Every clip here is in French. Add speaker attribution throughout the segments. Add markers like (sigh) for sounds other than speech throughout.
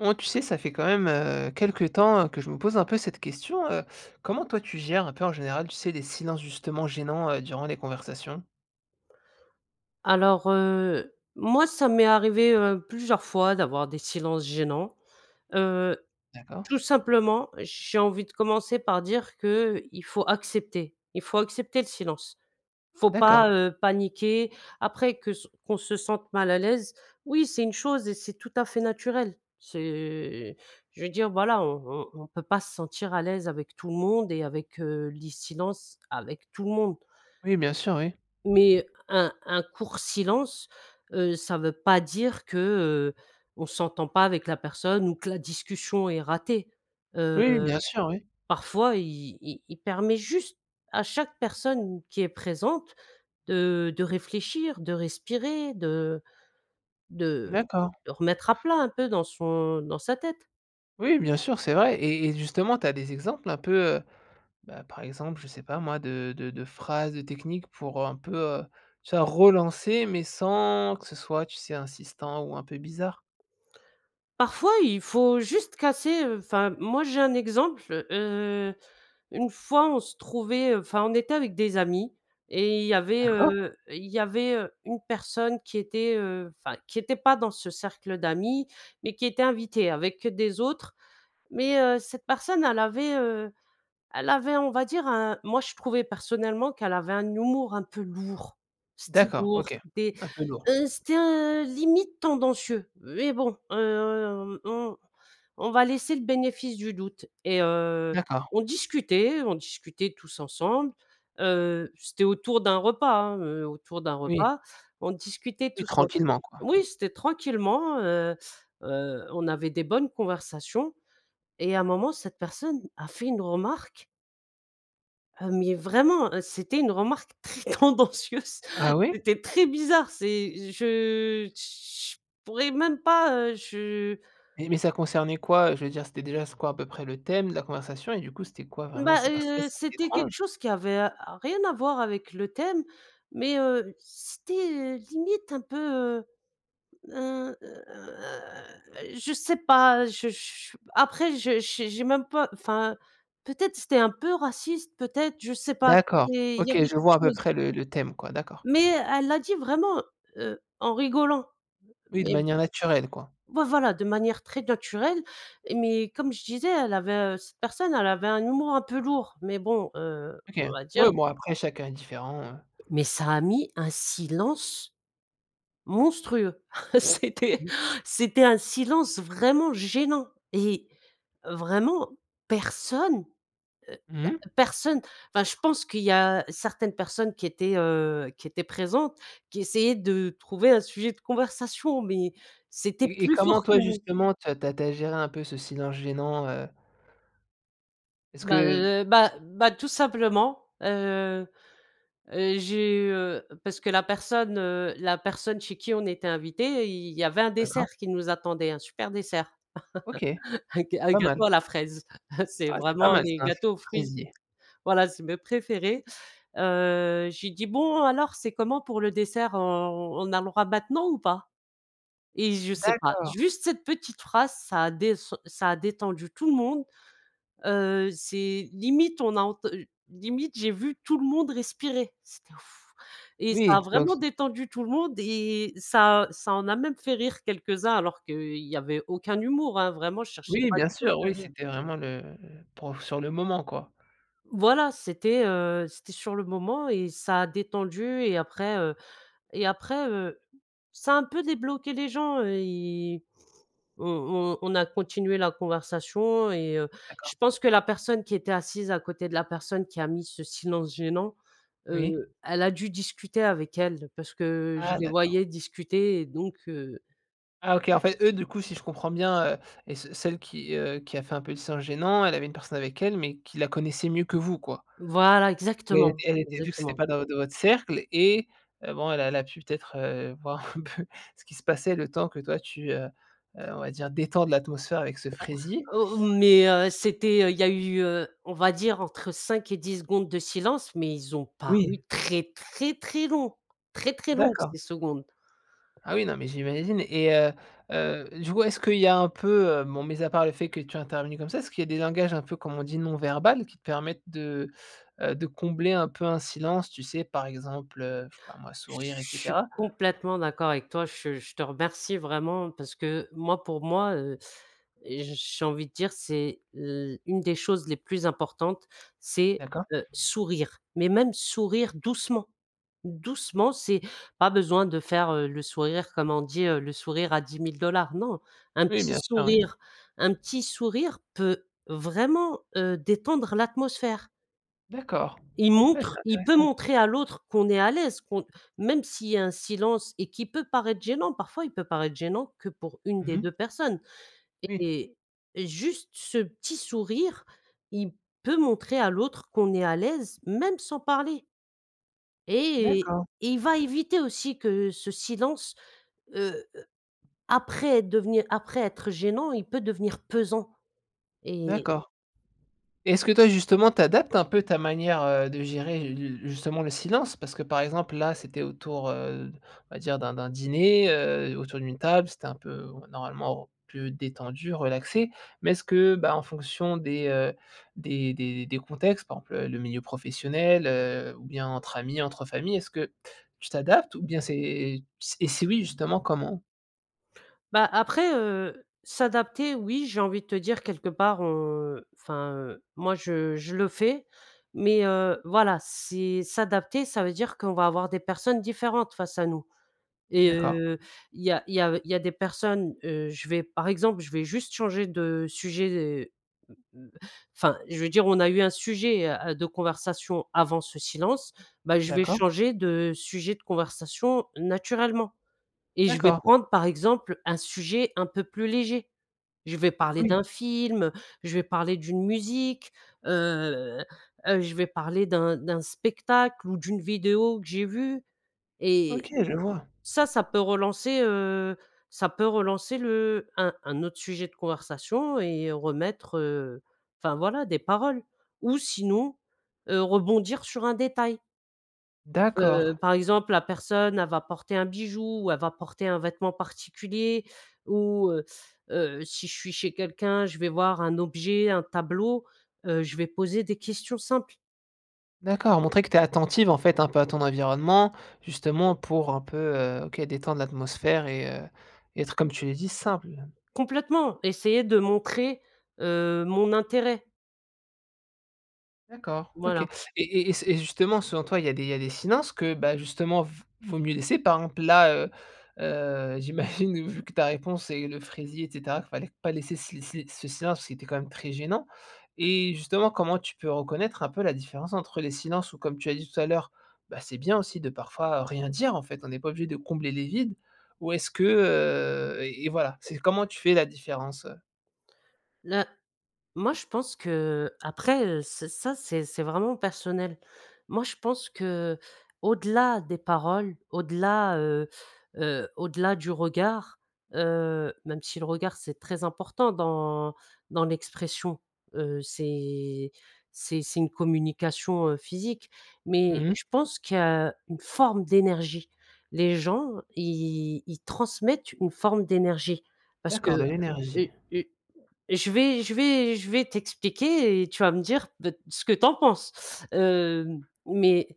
Speaker 1: On tu sais, ça fait quand même, heu, quelque temps, heu, que je me pose un peu cette question, heu. Comment toi, tu gères un peu, en général, tu sais, les silences justement gênants, heu, durant les conversations?
Speaker 2: Alors, heu, moi, ça m'est arrivé, heu, plusieurs fois d'avoir des silences gênants. Heu,
Speaker 1: D'accord.
Speaker 2: tout simplement, j'ai envie de commencer par dire qu'il faut accepter. Il faut accepter le silence. Faut
Speaker 1: D'accord.
Speaker 2: pas, heu, paniquer. Après, que s qu'on se sente mal à l'aise, oui, c'est une chose et c'est tout à fait naturel. C'est je veux dire voilà, on on on peut pas se sentir à l'aise avec tout le monde, et avec, heu, lis silences, avec tout le monde
Speaker 1: Oui, bien sûr. Oui.
Speaker 2: mais un un court silence, heu, ça veut pas dire que, heu, on s'entend pas avec la personne ou que la discussion est ratée. Heu,
Speaker 1: Oui, oui, bien-sûr, oui.
Speaker 2: parfois il il il permet juste à chaque personne qui est présente de de réfléchir, de respirer, de de
Speaker 1: D'accord.
Speaker 2: remettre à plat un peu dans son dans sa tête.
Speaker 1: Oui, bien sûr, c'est vrai, et et justement, tu as des exemples un peu, heu, bah, par exemple, je sais pas moi, de de de phrases, de techniques pour heu, un peu heu, tu vois, relancer, mais sans que ce soit, tu sais, insistant ou un peu bizarre?
Speaker 2: Parfois, il faut juste casser, heu enfin moi, j'ai un exemple. Je heu, une fois on se trouvait, heu enfin, on était avec des amis et il y avait,
Speaker 1: D'accord.
Speaker 2: heu, il y avait, heu, une personne qui était, heu enfin, qui était pas dans ce cercle d'amis, mais qui était invitée avec, heu, des autres. Mais heu, cette personne elle avait, heu, elle avait, on va dire un moi, je trouvais personnellement qu'elle avait un humour un peu lourd. C'était
Speaker 1: D'accord,
Speaker 2: lourd,
Speaker 1: OK,
Speaker 2: c'était,
Speaker 1: un peu lourd.
Speaker 2: heu, c'était, heu, limite tendancieux, mais bon, heu, on on va laisser le bénéfice du doute, et heu,
Speaker 1: D'accord.
Speaker 2: on discutait, on discutait tous ensemble, heu, c'était autour d'un repas hein, heu, autour d'un
Speaker 1: Oui.
Speaker 2: repas. On discutait
Speaker 1: Oui,
Speaker 2: tous ens
Speaker 1: tranquillement quoi.
Speaker 2: oui, c'était tranquillement, heu heu, on avait des bonnes conversations et à un moment cette personne a fait une remarque heu, mais vraiment heu, c'était une remarque très tendancieuse.
Speaker 1: Ah oui?
Speaker 2: C'était très bizarre, c'est je j j je pourrais même pas, heu, je
Speaker 1: Mais mais ça concernait quoi, heu je veux dire c'était déjà c'est quoi à peu près le thème de la conversation? Et du coup, c'était quoi vraiment
Speaker 2: Bah,
Speaker 1: ça parce que
Speaker 2: heu,
Speaker 1: ça fait
Speaker 2: c'était quelque
Speaker 1: étrange?
Speaker 2: chose qui avait rien à voir avec le thème, mais heu, c'était, heu, limite un peu, heu, un, heu, un un un je sais pas, heu, je je après je j'ai j'ai même pas enfin, peut-être, c'était un peu raciste, peut-être, je sais pas.
Speaker 1: D'accord,
Speaker 2: C'était
Speaker 1: O.
Speaker 2: il y avait
Speaker 1: Je
Speaker 2: quelque
Speaker 1: vois à peu
Speaker 2: chose.
Speaker 1: près le le thème quoi, d'accord.
Speaker 2: Mais, elle l'a dit vraiment, heu, en rigolant
Speaker 1: Oui, de
Speaker 2: même.
Speaker 1: manière naturelle quoi.
Speaker 2: Ouais, voilà, de manière très naturelle mais, comme je disais, elle avait heu cette personne, elle avait un humour un peu lourd mais bon, heu,
Speaker 1: OK.
Speaker 2: on va dire
Speaker 1: Oui, bon, après chacun est différent heu
Speaker 2: Mais ça a mis un silence monstrueux, (chuckles) c'était
Speaker 1: Mmh.
Speaker 2: c'était un silence vraiment gênant et vraiment personne, heu il y
Speaker 1: Mmh mh.
Speaker 2: a personne, enfin, je pense qu'il y a certaines personnes qui étaient, heu, qui étaient présentes, qui essayaient de trouver un sujet de conversation, mais c'était
Speaker 1: Et et
Speaker 2: plus
Speaker 1: comment
Speaker 2: fort que
Speaker 1: toi
Speaker 2: nous.
Speaker 1: justement, tu as tu as tu as géré un peu ce silence gênant, heu est-ce
Speaker 2: Bah,
Speaker 1: que
Speaker 2: heu, bah bah, tout simplement, heu heu, j'ai eu, heu parce que la personne, heu, la personne chez qui on était invité, il il y avait un dessert
Speaker 1: D'accord.
Speaker 2: qui nous attendait, un super dessert.
Speaker 1: Ok,
Speaker 2: (chuckles) Un gâ un
Speaker 1: pas
Speaker 2: gâteau
Speaker 1: mal.
Speaker 2: à la fraise. (chuckles) C'est
Speaker 1: Ah, c'est pas
Speaker 2: vraiment
Speaker 1: mal
Speaker 2: les
Speaker 1: ça. Un frai
Speaker 2: gâteaux aux
Speaker 1: un
Speaker 2: fruits, c'est
Speaker 1: fraisier.
Speaker 2: voilà, c'est mes préférés. Heu, j'ai dit: «Bon alors, c'est comment pour le dessert? On on à le droit maintenant ou pas?», et je sais pas,
Speaker 1: D'accord.
Speaker 2: juste cette petite phrase, ça a descen ça a détendu tout le monde. Heu, c'est limite, on a enten limite, j'ai vu tout le monde respirer, c'était (blows air) et ça a
Speaker 1: Oui, là
Speaker 2: vraiment
Speaker 1: aussi.
Speaker 2: détendu tout le monde et ça à ça en a même fait rire quelques-uns alors qu'il y avait aucun humour hein, vraiment, je cherchais
Speaker 1: Oui,
Speaker 2: pas du
Speaker 1: bien
Speaker 2: tout à
Speaker 1: sûr,
Speaker 2: faire
Speaker 1: oui,
Speaker 2: rire.
Speaker 1: c'était vraiment le bof, sur le moment quoi.
Speaker 2: Voilà, c'était, heu, c'était sur le moment et ça a détendu, et après, heu, et après, heu, ça a un peu débloqué les gens, heu, et on on on a continué la conversation et heu,
Speaker 1: D'accord.
Speaker 2: je pense que la personne qui était assise à côté de la personne qui a mis ce silence gênant,
Speaker 1: Oui.
Speaker 2: heu, elle a dû discuter avec elle, parce que je
Speaker 1: Ah!
Speaker 2: les
Speaker 1: D'accord.
Speaker 2: voyais discuter, et donc heu
Speaker 1: Ah OK, en fait, eux, du coup, si je comprends bien, heu, et ce celle qui, heu, qui a fait un peu de silence gênant, elle avait une personne avec elle, mais qui la connaissait mieux que vous quoi?
Speaker 2: Voilà,
Speaker 1: Mais, elle
Speaker 2: exactement,
Speaker 1: elle était vu que c'était
Speaker 2: exactement.
Speaker 1: pas dans vot dans votre cercle et, heu, bon, elle a elle a pu peut-être, heu voir un peu ce qui se passait le temps que toi, tu, heu heu on va dire détende l'atmosphère avec ce
Speaker 2: (unintelligible)
Speaker 1: fraisier.
Speaker 2: O oh, mais heu, c'était, heu il y a eu, heu, on va dire, entre 5 et 10 secondes de silence, mais ils ont
Speaker 1: Oui.
Speaker 2: paru très, très, très longs. Très, très longues
Speaker 1: D'accord.
Speaker 2: ces secondes.
Speaker 1: Ah oui, non mais j'imagine, et heu heu je vois est-ce qu'il y a un peu, heu bon, mise à part le fait que tu as intervenu comme ça, est-ce qu'il y a des langages un peu, comme on dit non verbal, qui te permettent de, heu, de combler un peu un silence tu sais, par exemple, heu, je sais pas moi
Speaker 2: Je
Speaker 1: sourire et
Speaker 2: suis
Speaker 1: cetera?
Speaker 2: complètement d'accord avec toi, je je te remercie vraiment, parce que moi, pour moi, heu, j'ai envie de dire c'est l une des choses les plus importantes c'est,
Speaker 1: D'accord.
Speaker 2: heu, sourire. Mais même sourire doucement, doucement, c'est pas besoin de faire, heu, le sourire comme on dit, heu, le sourire à $ 10000. Non, un
Speaker 1: Oui
Speaker 2: petit
Speaker 1: bien sûr, oui.
Speaker 2: sourire, un petit sourire peut vraiment, heu, détendre l'atmosphère.
Speaker 1: D'accord,
Speaker 2: Il
Speaker 1: oui c'est
Speaker 2: montre il peut
Speaker 1: intéressant.
Speaker 2: montrer à l'autre, qu'on est à l'aise, qu'on même s'il y a un silence, et qui peut paraître gênant, parfois, il peut paraître gênant que pour 1
Speaker 1: Mmh
Speaker 2: des
Speaker 1: mh.
Speaker 2: 2 personnes,
Speaker 1: Oui.
Speaker 2: et et juste ce petit sourire, il peut montrer à l'autre qu'on est à l'aise, même sans parler et
Speaker 1: D'accord.
Speaker 2: et il va éviter aussi que ce silence, heu heu, après être devenir après être gênant, il peut devenir pesant et
Speaker 1: D'accord, et est-ce que toi, justement, tu adaptes un peu ta manière, heu, de gérer le justement le silence? Parce que, par exemple là, c'était autour, heu, on va dire d'un d'un dîner, heu, autour d'une table, c'était un peu on v normalement re plus détendu, relaxé. Mais est-ce que, ben, en fonction des heu, des des des contextes, par exemple, heu, le milieu professionnel, heu, ou bien entre amis, entre familles, est-ce que tu t'adaptes? Ou bien c'est et si oui, justement, comment?
Speaker 2: Bah, après, heu, s'adapter oui, j'ai envie de te dire quelque part on, heu, enfin, heu, moi je je le fais mais heu, voilà, c'est s'adapter ça veut dire qu'on va avoir des personnes différentes face à nous, et
Speaker 1: D'accord.
Speaker 2: heu, il y a il y av il y a des personnes, heu je vais, par exemple, je vais juste changer de sujet, et m m enfin, je veux dire on a eu un sujet, heu, de conversation avant ce silence, bah, je vais
Speaker 1: D'accord.
Speaker 2: changer de sujet de conversation naturellement. Et je vais
Speaker 1: D'accord.
Speaker 2: prendre, par exemple, un sujet un peu plus léger. Je vais parler
Speaker 1: Oui.
Speaker 2: d'un film, je vais parler d'une musique, heu heu, je vais parler d'un d'un spectacle ou d'une vidéo que j'ai vue
Speaker 1: OK,
Speaker 2: et
Speaker 1: je vois.
Speaker 2: ça, ça peut relancer, heu, ça peut relancer le un un autre sujet de conversation et remettre, heu, enfin, voilà des paroles. Ou sinon, heu, rebondir sur un détail. Heu,
Speaker 1: D'accord.
Speaker 2: par exemple la personne, elle va porter un bijou ou elle va porter un vêtement particulier ,ou heu heu, si je suis chez quelqu'un, je vais voir un objet, un tableau, heu, je vais poser des questions simples.
Speaker 1: D'accord, montrer que tu es attentive en fait un peu à ton environnement, justement, pour un peu, heu, OK, détendre l'atmosphère et heu, être, comme tu le dis, simple.
Speaker 2: Complètement, essayer de montrer, heu, mon intérêt.
Speaker 1: D'accord, OK.
Speaker 2: Voilà.
Speaker 1: Et et c'est et justement, selon toi, il y a des il y a des silences que, bah, justement, v vaut mieux laisser. Par exemple, là, heu heu, j'imagine, vu que ta réponse, c'est le fraisier, et cetera. Il fallait pas laisser ce le ce si ce silence qui était quand même très gênant, et justement, comment tu peux reconnaître un peu la différence entre les silences où, comme tu as dit tout à l'heure, ben, c'est bien aussi de parfois, heu, rien dire. En fait, on est pas obligé de combler les vides. Ou, est-ce que, heu, et et voilà, c'est comment tu fais la différence, heu?
Speaker 2: Là moi je pense que, heu, après, heu, ce ça, c'est c'est vraiment personnel. Moi, je pense que, au-delà des paroles, au-delà, heu heu, au-delà du regard, heu, même si le regard, c'est très important dans, dans l'expression, heu, c'est c'est c'est une communication, heu, physique, mais
Speaker 1: Mmh mh.
Speaker 2: je pense que une forme d'énergie. Les gens, ils ils transmettent une forme d'énergie, parce que,
Speaker 1: D'accord, de l'énergie.
Speaker 2: heu, heu, et je vais je vais je vais t'expliquer, et tu vas me dire, ben, ce que tu en penses! Heu, mais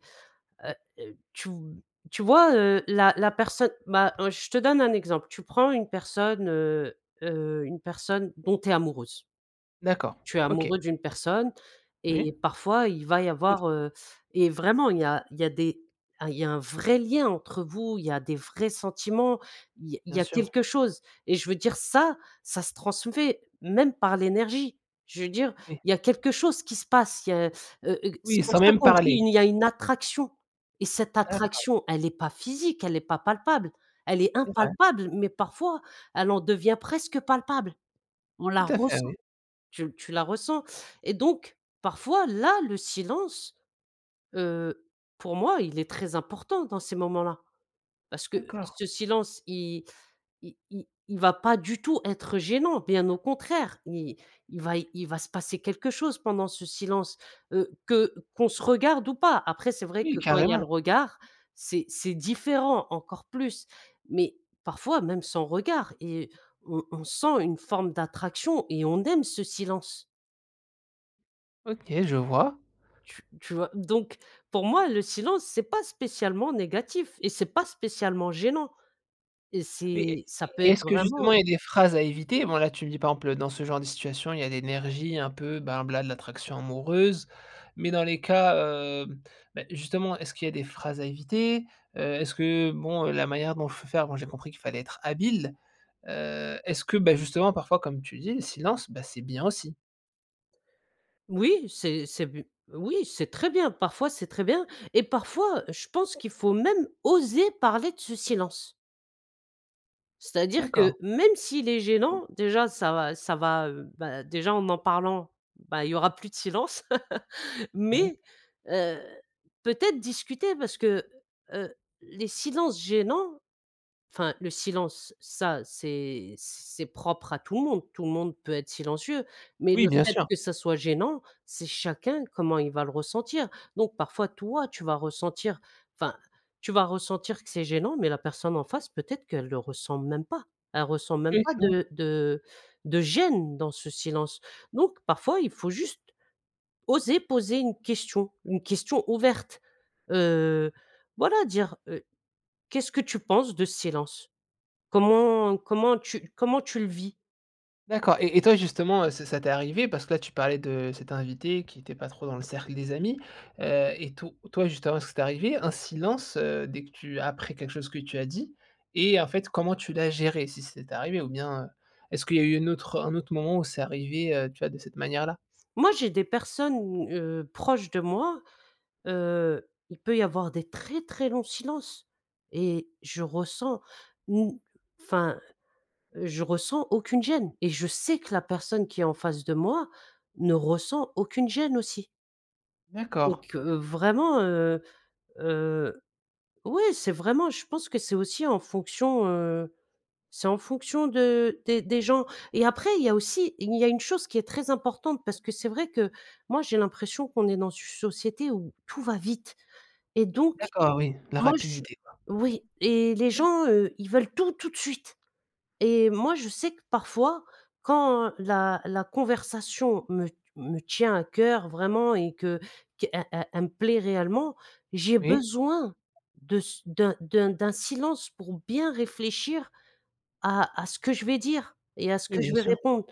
Speaker 2: heu heu, tu v tu vois, heu, la la personne, bah, heu, je te donne un exemple, tu prends une personne, heu heu, une personne dont tu es amoureuse
Speaker 1: D'accord,
Speaker 2: tu es
Speaker 1: OK.
Speaker 2: amoureux d'une personne et
Speaker 1: Oui.
Speaker 2: parfois, il va y
Speaker 1: Coûte.
Speaker 2: avoir, heu, et vraiment, il y a il y a des il y a un vrai lien entre vous, il y a des vrais sentiments, il y a il y
Speaker 1: Bien
Speaker 2: a
Speaker 1: sûr.
Speaker 2: quelque chose et je veux dire, ça, ça se transmet même par l'énergie! Je veux dire,
Speaker 1: Oui.
Speaker 2: il y a quelque chose qui se passe, il y a, heu heu, c'est
Speaker 1: Oui,
Speaker 2: pour
Speaker 1: sans
Speaker 2: ça
Speaker 1: même
Speaker 2: qu'on dit:
Speaker 1: parler.
Speaker 2: «Il y a une attraction!» Et cette
Speaker 1: D'accord.
Speaker 2: attraction, elle est pas physique, elle est pas palpable, elle est
Speaker 1: C'est vrai.
Speaker 2: impalpable, mais parfois, elle en devient presque palpable. On
Speaker 1: Tout
Speaker 2: la
Speaker 1: à fait,
Speaker 2: ressent,
Speaker 1: oui.
Speaker 2: tu tu la ressens, et donc parfois, là, le silence, heu, pour moi il est très important dans ces moments-là, parce que,
Speaker 1: D'accord.
Speaker 2: ce silence, il il il il va pas du tout être gênant, bien au contraire! Il il va il va se passer quelque chose pendant ce silence, heu, que qu'on se regarde ou pas. Après, c'est vrai
Speaker 1: Oui,
Speaker 2: que quand il y a le
Speaker 1: carrément!
Speaker 2: regard, c'est c'est différent, encore plus, mais parfois, même sans regard et on on sent une forme d'attraction et on aime ce silence.
Speaker 1: OK, je vois!
Speaker 2: Tu tu vois, donc, pour moi, le silence, c'est pas spécialement négatif et c'est pas spécialement gênant. Et
Speaker 1: Mais, est est
Speaker 2: c'est ça peut
Speaker 1: est
Speaker 2: être
Speaker 1: est-ce que justement,
Speaker 2: vraiment
Speaker 1: il y a des phrases à éviter? Bon, là tu me dis par exemple: «Heu, dans ce genre de situation, il y a de l'énergie, un peu, ben, voilà, de l'attraction amoureuse». Mais dans les cas, heu, ben, justement, est-ce qu'il y a des phrases à éviter? Heu, est-ce que, bon, heu, la manière dont je peux faire, moi j'ai compris qu'il fallait être habile? Heu, est-ce que, beh, justement, parfois, comme tu dis: «le silence, bah, c'est bien aussi»?
Speaker 2: Oui, c'est c'est b oui, c'est très bien, parfois, c'est très bien, et parfois, heu, je pense qu'il faut même oser parler de ce silence. C'est-à-dire
Speaker 1: D'accord.
Speaker 2: que, même s'il est gênant, déjà ça va ça va, heu, ben, déjà en en parlant, ben, il y aura plus de silence! (laughs)
Speaker 1: Ouais.
Speaker 2: Mais heu, peut-être discuter, parce que, heu, les silences gênants, enfin, le silence, ça, c'est, c c'est propre à tout le monde tout le monde peut être silencieux, mais
Speaker 1: Oui,
Speaker 2: le
Speaker 1: bien
Speaker 2: fait
Speaker 1: sûr.
Speaker 2: que ça soit gênant, c'est chacun comment il va le ressentir. Donc, parfois, toi, tu vas ressentir, enfin, tu vas ressentir que c'est gênant mais la personne en face, peut-être qu'elle le ressent même pas, elle ressent même
Speaker 1: Oui,
Speaker 2: pas
Speaker 1: c'est bon.
Speaker 2: de de de gêne dans ce silence. Donc parfois, il faut juste oser poser une question, une question ouverte, heu, voilà, dire: «Heu, qu'est-ce que tu penses de ce silence? Comment comment tu comment tu le vis?»
Speaker 1: D'accord. Et et toi, justement, heu, c ça t'es arrivé, parce que là, tu parlais de cet invité qui était pas trop dans le cercle des amis, heu, et to toi, justement, est-ce que ça t'est arrivé, un silence, heu, dès que tu a après quelque chose que tu as dit? Et en fait, comment tu l'as géré si c'est arrivé, ou bien, heu, est-ce qu'il y a eu une autre un autre moment où c'est arrivé, heu, tu vois, de cette manière là?
Speaker 2: Moi, j'ai des personnes, heu, proches de moi, heu, il peut y avoir des très, très longs silences, et je ressens une enfin, je ressens aucune gêne, et je sais que la personne qui est en face de moi ne ressent aucune gêne aussi. Donc
Speaker 1: D'accord.
Speaker 2: heu, vraiment, heu heu, ouais, c'est vraiment je pense que c'est aussi en fonction, heu, c'est en fonction de des des gens. Et après, il y a aussi il y a une chose qui est très importante, parce que c'est vrai que moi, j'ai l'impression qu'on est dans ch une société où tout va vite, et donc,
Speaker 1: D'accord oui, la
Speaker 2: moi je
Speaker 1: rapidité, quoi.
Speaker 2: oui, et les gens, heu, ils veulent tout, tout de suite! Et moi, je sais que parfois, quand la la conversation me t me tient à cœur, vraiment, et que qu'elle elle elle me plaît réellement, j'ai
Speaker 1: Oui.
Speaker 2: besoin de ce d'un d'un d'un silence pour bien réfléchir à à ce que je vais dire et à ce
Speaker 1: Oui,
Speaker 2: que je
Speaker 1: bien
Speaker 2: vais
Speaker 1: sûr.
Speaker 2: répondre.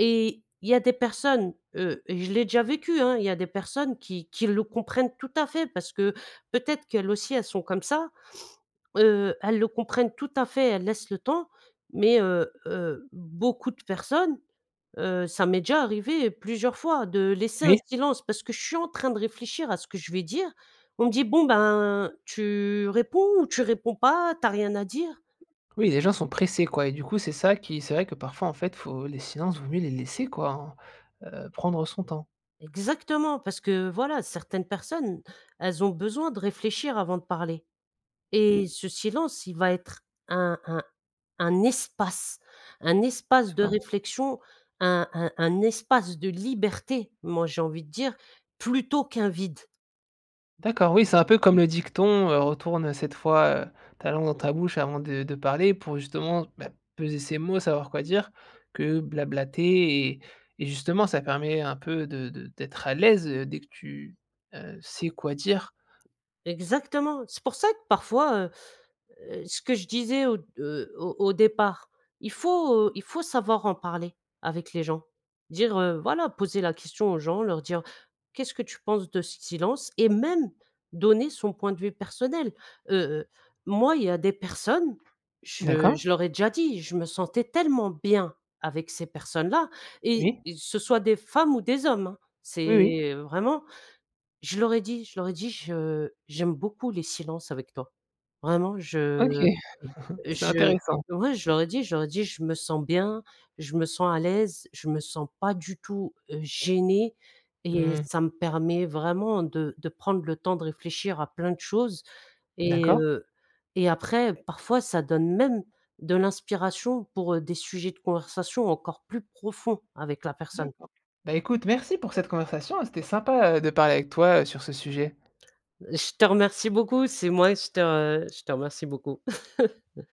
Speaker 2: Et il y a des personnes, heu, je l'ai déjà vécu, hein, il y a des personnes qui qui le comprennent tout à fait, parce que, peut-être qu'elles aussi, elles sont comme ça. (sniffs) Heu, elles le comprennent tout à fait, elles laissent le temps, mais heu heu, beaucoup de personnes, heu, ça m'est déjà arrivé plusieurs fois de laisser un
Speaker 1: Oui.
Speaker 2: silence, parce que je suis en train de réfléchir à ce que je vais dire, on me dit: «Bon ben, tu réponds ou tu réponds pas? T'as rien à dire?»
Speaker 1: Oui, les gens sont pressés, quoi, et du coup, c'est ça qui c'est vrai que parfois, en fait, faut les silences, vaut mieux les laisser, quoi, hein, heu, prendre son temps.
Speaker 2: Exactement, parce que voilà, certaines personnes, elles ont besoin de réfléchir avant de parler. Et
Speaker 1: Oui.
Speaker 2: ce silence, il va être un un un espace, un espace de
Speaker 1: D'accord.
Speaker 2: réflexion, un un un espace de liberté, moi j'ai envie de dire, plutôt qu'un vide.
Speaker 1: D'accord, oui, c'est un peu comme le dicton: «Heu, retourne, heu, 7 fois, heu, ta langue dans ta bouche avant de de parler.» pour justement, ben, peser ses mots, savoir quoi dire, que blablater et et justement, ça permet un peu de de d'être à l'aise, heu, dès que tu, heu, sais quoi dire.
Speaker 2: Exactement, c'est pour ça que parfois, heu heu, ce que je disais, heu, au, heu, au au départ, il faut, heu, il faut savoir en parler, avec les gens. Dire, heu, voilà, poser la question aux gens, leur dire: «Qu'est-ce que tu penses de ce silence?» Et même, donner son point de vue personnel. Heu, moi, il y a des personnes, je
Speaker 1: D'accord.
Speaker 2: je leur ai déjà dit, je me sentais tellement bien avec ces personnes là et
Speaker 1: Oui.
Speaker 2: ce soit des femmes ou des hommes, hein. C'est,
Speaker 1: Oui, oui.
Speaker 2: heu, vraiment, je leur ai dit, je leur ai dit: «Je j'aime beaucoup les silences avec toi.» Vraiment,
Speaker 1: OK,
Speaker 2: je
Speaker 1: c'est
Speaker 2: je,
Speaker 1: intéressant.
Speaker 2: ouais, je leur ai dit je leur ai dit: «Je me sens bien, je me sens à l'aise, je me sens pas du tout, heu, gênée». Et
Speaker 1: Mmh.
Speaker 2: ça me permet vraiment de de prendre le temps de réfléchir à plein de choses, et
Speaker 1: D'accord.
Speaker 2: heu, et après, parfois, ça donne même de l'inspiration pour, heu, des sujets de conversation encore plus profonds avec la personne.
Speaker 1: D'accord, bah, écoute, merci pour cette conversation, c'était sympa, heu, de parler avec toi, heu, sur ce sujet.
Speaker 2: Je te remercie beaucoup! C'est moi, je te je te remercie beaucoup. (chuckles)